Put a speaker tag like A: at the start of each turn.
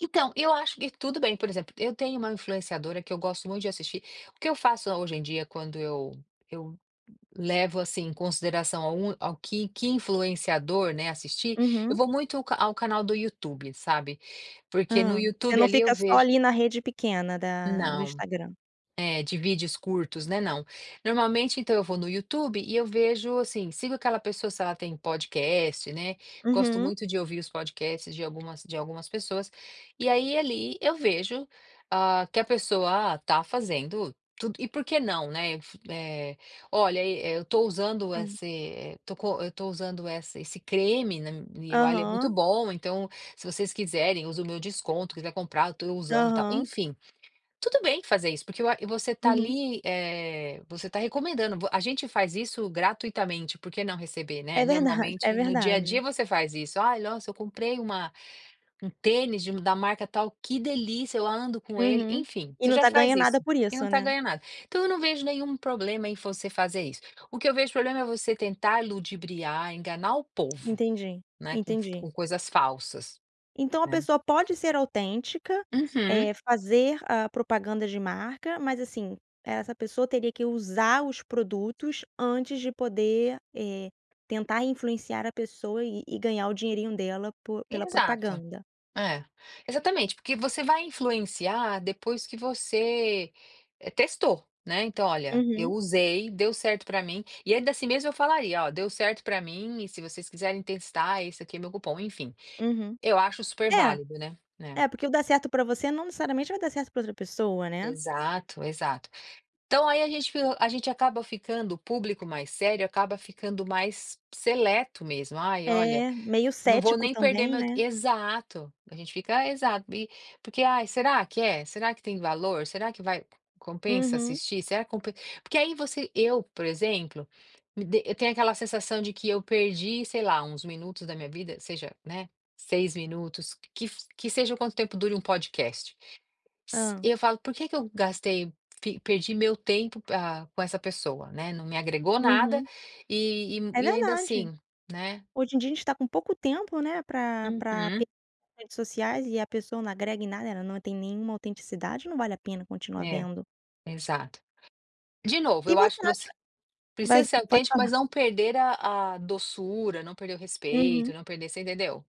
A: Então, eu acho e tudo bem, por exemplo, eu tenho uma influenciadora que eu gosto muito de assistir. O que eu faço hoje em dia, quando eu eu levo, assim, em consideração a um ao que que influenciador, né, assistir, eu
B: Uhum.
A: vou muito ca ao canal do YouTube, sabe. Porque no
B: Hã. Você
A: YouTube,
B: não
A: ali, eu
B: fica só,
A: vejo
B: ali, na rede pequena da no
A: Não.
B: Instagram?
A: É, de vídeos curtos, né, não. Normalmente, então, eu vou no YouTube e eu vejo, assim, sigo aquela pessoa se ela tem podcast, né. Gosto
B: Uhum.
A: muito de ouvir os podcasts de algumas de algumas pessoas. E aí, ali, eu vejo, hã, que a pessoa está fazendo tudo e por que não, né? F eh, “Olha, eh, estou usando
B: Hã.
A: esse, eh, tô co eu estou usando essa esse creme na m eu, ah, ele é muito
B: Aham.
A: bom, então se vocês quiserem, usa o meu desconto, quiser comprar, estou usando, tal",
B: Aham.
A: enfim. Tudo bem fazer isso, porque eu a você está
B: Uhum.
A: ali, eh, você está recomendando vo a gente faz isso gratuitamente, por que não receber, né?
B: É verdade, é
A: Normalmente, no dia a dia,
B: verdade.
A: você faz isso, “Ai, nossa, eu comprei uma um tênis de da marca tal. Que delícia. Eu ando com ele”,
B: Uhum.
A: enfim,
B: E
A: você já
B: nunca
A: faz
B: ganha nada
A: isso
B: por
A: e não
B: isso,
A: está
B: né.
A: ganhando nada. Então eu não vejo nenhum problema em você fazer isso. O que eu vejo problema é você tentar ludibriar, enganar o povo,
B: Entendi,
A: né, com f
B: entendi.
A: com coisas falsas,
B: Então a
A: né.
B: pessoa pode ser autêntica,
A: Uhum.
B: eh, fazer a propaganda de marca, mas assim, essa pessoa teria que usar os produtos antes de poder, eh, tentar influenciar a pessoa e e ganhar o dinheirinho dela po pela
A: Exato.
B: propaganda?
A: É. Exatamente. Porque você vai influenciar depois que você, eh, testou, né. Então: “Olha, eu
B: Uhum.
A: usei, deu certo pra mim”. E ainda assim mesmo eu falaria: “Ó, deu certo pra mim, e se vocês quiserem testar, esse aqui é meu cupom”, enfim.
B: Uhum.
A: Eu acho
B: É.
A: superválido, né. É.
B: É, porque o dar certo para você não necessariamente vai dar certo para outra pessoa, né.
A: Exato, exato. Então aí a gente f a gente acaba ficando, o público mais sério, acaba ficando mais seleto mesmo. “Ai, olha,
B: É, meio
A: não vou
B: cético
A: nem perder
B: também,
A: meu t
B: né.
A: "Exato. A gente fica exato. E, porque: "Ai, será que é? Será que tem valor? Será que vai compensa
B: Uhum.
A: assistir? Será que compen” porque aí você eu, por exemplo, me dê eu tenho aquela sensação de que eu perdi, sei lá, uns minutos da minha vida, seja, né, 6 minutos. Que f que que seja o quanto tempo dura um podcast. S
B: Hã.
A: e eu falo: “Por que que eu gastei fi perdi meu tempo, ah, com essa pessoa?”, né, não me agregou nada
B: Uhum.
A: e
B: É
A: e e ainda
B: verdade.
A: assim, né.
B: Hoje em dia a gente está com pouco tempo, né, pra pra p
A: Uhum.
B: redes sociais, e pessoa não agrega em nada, né, ela não tem nenhuma autenticidade, não vale a pena continuar
A: É,
B: vendo.
A: exato. De novo,
B: E
A: eu acho
B: você
A: que
B: acha
A: você precisa
B: mas
A: ser
B: pode
A: autêntico, mas
B: falar.
A: não perder a a doçura, não perder o respeito,
B: Uhum.
A: não perder você entendeu?